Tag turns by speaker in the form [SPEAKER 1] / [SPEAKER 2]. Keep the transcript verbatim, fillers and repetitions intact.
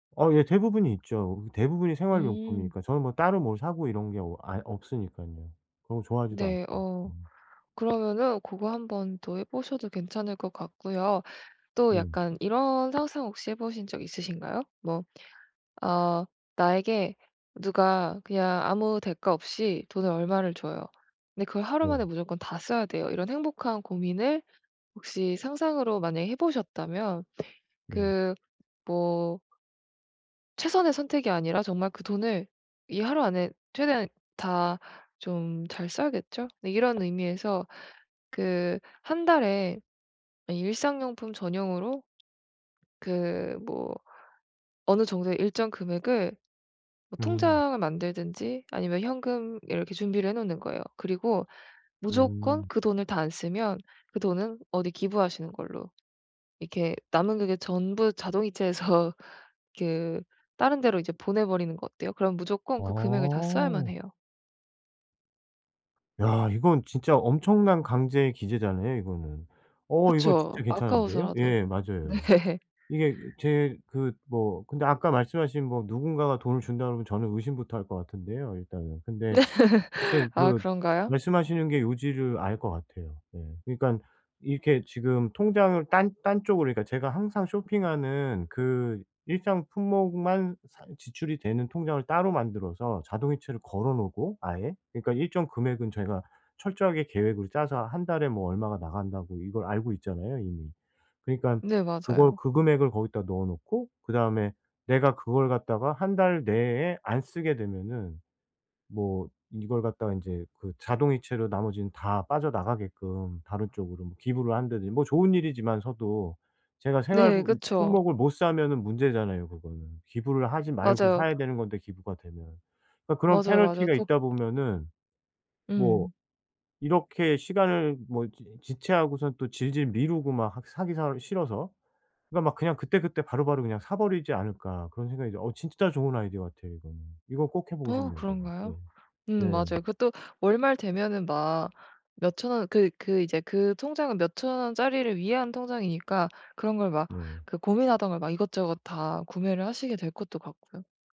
[SPEAKER 1] 어 예. 대부분이 있죠. 대부분이
[SPEAKER 2] 음.
[SPEAKER 1] 생활용품이니까. 저는 뭐 따로 뭘 사고 이런 게 어 아예 없으니깐요. 그런 거 좋아하지도 않고.
[SPEAKER 2] 네. 어.
[SPEAKER 1] 음.
[SPEAKER 2] 그러면은 고거 한 번 더 해 보셔도 괜찮을 것 같고요. 또
[SPEAKER 1] 네.
[SPEAKER 2] 약간 이런 상상 혹시 해 보신 적 있으신가요? 뭐 아 나에게 누가 그냥 아무 대가 없이 돈을 얼마를 줘요. 근데 그걸 하루
[SPEAKER 1] 네.
[SPEAKER 2] 만에 무조건 다 써야 돼요. 이런 행복한 고민을 혹시 상상으로 만약에 해 보셨다면
[SPEAKER 1] 네.
[SPEAKER 2] 그 뭐 최선의 선택이 아니라 정말 그 돈을 이 하루 안에 최대한 다 좀 잘 써야겠죠? 이런 의미에서 그 한 달에 이 일상용품 전용으로 그 뭐 어느 정도의 일정 금액을 뭐
[SPEAKER 1] 음.
[SPEAKER 2] 통장을 만들든지 아니면 현금 이렇게 준비를 해 놓는 거예요. 그리고 무조건
[SPEAKER 1] 음.
[SPEAKER 2] 그 돈을 다 안 쓰면 그 돈은 어디 기부하시는 걸로. 이렇게 남은 금액 전부 자동이체해서 그 다른 데로 이제 보내버리는 거 어때요? 그럼 무조건 그 금액을 다 써야만
[SPEAKER 1] 어.
[SPEAKER 2] 해요.
[SPEAKER 1] 야. 이건 진짜 엄청난 강제 기재잖아요, 이거는. 어 이거 진짜
[SPEAKER 2] 그쵸.
[SPEAKER 1] 괜찮은데요?
[SPEAKER 2] 아까워서라도.
[SPEAKER 1] 예.
[SPEAKER 2] 네.
[SPEAKER 1] 맞아요. 이게 제 그 뭐 근데 아까 말씀하신 뭐 누군가가 돈을 준다고 그러면 저는 의심부터 할 거 같은데요, 일단은. 근데 하여튼
[SPEAKER 2] 아
[SPEAKER 1] 그
[SPEAKER 2] 그런가요?
[SPEAKER 1] 말씀하시는 게 요지를 알 것 같아요. 네. 그러니깐 이렇게 지금 통장을 딴 딴 쪽으로, 그러니까 제가 항상 쇼핑하는 그 일정 품목만 사 지출이 되는 통장을 따로 만들어서 자동이체를 걸어 놓고 아예 그러니까 일정 금액은 저희가 철저하게 계획을 짜서 한 달에 뭐 얼마가 나간다고 이걸 알고 있잖아요, 이미. 그러니까
[SPEAKER 2] 네.
[SPEAKER 1] 그걸
[SPEAKER 2] 맞아요.
[SPEAKER 1] 그 금액을 거기다 넣어 놓고 그다음에 내가 그걸 갖다가 한 달 내에 안 쓰게 되면은 뭐 이걸 갖다가 인제 그 자동이체로 나머지는 다 빠져나가게끔 다른 쪽으로 기부를 한다든지 뭐 좋은 일이지만 서도 제가 생활
[SPEAKER 2] 네. 그쵸.
[SPEAKER 1] 품목을 못 사면은 문제잖아요, 그거는. 기부를 하지 말고
[SPEAKER 2] 맞아요.
[SPEAKER 1] 사야 되는 건데 기부가 되면. 그러니까 그런
[SPEAKER 2] 맞아요. 맞아요.
[SPEAKER 1] 패널티가
[SPEAKER 2] 또.
[SPEAKER 1] 있다 보면은 뭐
[SPEAKER 2] 음.
[SPEAKER 1] 이렇게 시간을 뭐 지 지체하고선 또 질질 미루고 막 하 사기 사 싫어서. 그러니까 막 그냥 '그때그때 바로바로 그냥 사버리지 않을까?' 그런 생각이 어 진짜 좋은 아이디어 같아요, 이거는. 이건 꼭 해보고
[SPEAKER 2] 어
[SPEAKER 1] 싶네요, 제가. 네.
[SPEAKER 2] 그런가요?
[SPEAKER 1] 네.
[SPEAKER 2] 음 맞아요. 그것도 월말 되면은 막 몇 천 원 그 그 이제 그 통장은 몇 천 원짜리를 위한 통장이니까 그런 걸 막
[SPEAKER 1] 네.
[SPEAKER 2] 그 고민하던 걸 막 이것저것 다 구매를 하시게 될 것도 같고요.